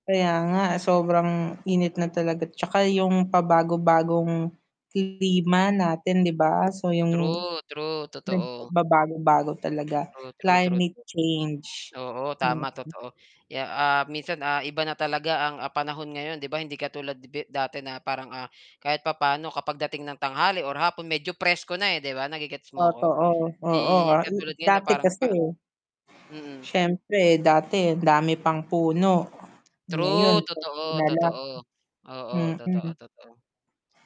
Kaya nga sobrang init na talaga 'tsaka yung pabago-bagong klima natin 'di ba? So, yung True, true, totoo. nagbabago-bago talaga True, true, true, climate true. change. Oo, Mm. tama totoo. Kaya, ah, minsan, ah, iba na talaga ang, ah, panahon ngayon 'di ba hindi katulad bi dati na parang, ah, kahit papaano kapag dating ng tanghali or hapon medyo presko na, eh, 'di ba, nage-gets mo 'ko? Totoo, oo, Hindi ah, katulad ngayon na dati parang kasi, pa eh, mm. siyempre dati ang dami pang puno ngayon True, konti totoo, na lang, totoo. Oo, totoo, mm. totoo.